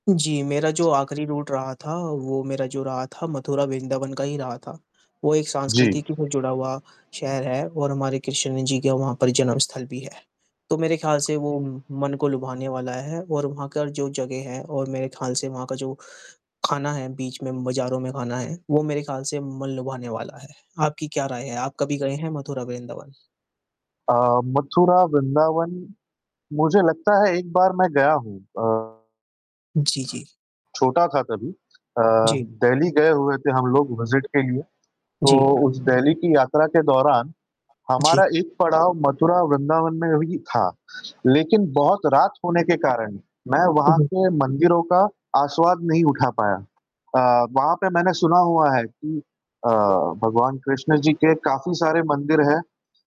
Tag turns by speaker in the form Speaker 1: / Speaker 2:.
Speaker 1: जी, मेरा जो आख़िरी रूट रहा था, वो मेरा जो रहा था मथुरा वृंदावन का ही रहा था। वो एक
Speaker 2: जी।
Speaker 1: सांस्कृतिकी से जुड़ा हुआ शहर है और हमारे कृष्ण जी का वहाँ पर जन्मस्थल भी है। तो मेरे ख़्याल से वो मन को लुभाने वाला है और वहाँ का जो जगह है और मेरे ख़्याल से वहाँ का जो खाना है बीच में बाज़ारों में खाना है, वो मेरे ख्याल से मन लुभाने वाला है। आपकी क्या राय है? आप कभी गए हैं, मथुरा वृंदावन?
Speaker 2: अ, मथुरा वृंदावन। मुझे लगता है एक बार मैं गया हूँ। अ
Speaker 1: जी, जी।
Speaker 2: छोटा था तभी। अ,
Speaker 1: जी।
Speaker 2: दिल्ली गए हुए थे हम लोग विज़िट के लिए। तो
Speaker 1: जी।
Speaker 2: उस दिल्ली की यात्रा के दौरान,
Speaker 1: जी।
Speaker 2: हमारा एक पड़ाव मथुरा वृंदावन में भी था। लेकिन बहुत रात होने के कारण, मैं
Speaker 1: हुँ,
Speaker 2: वहाँ
Speaker 1: हुँ।
Speaker 2: के मंदिरों का आसवाद नहीं उठा पाया। अ, वहाँ पे मैंने सुना हुआ है कि अ, भगवान कृष्ण जी के काफ़ी सारे मंदिर हैं।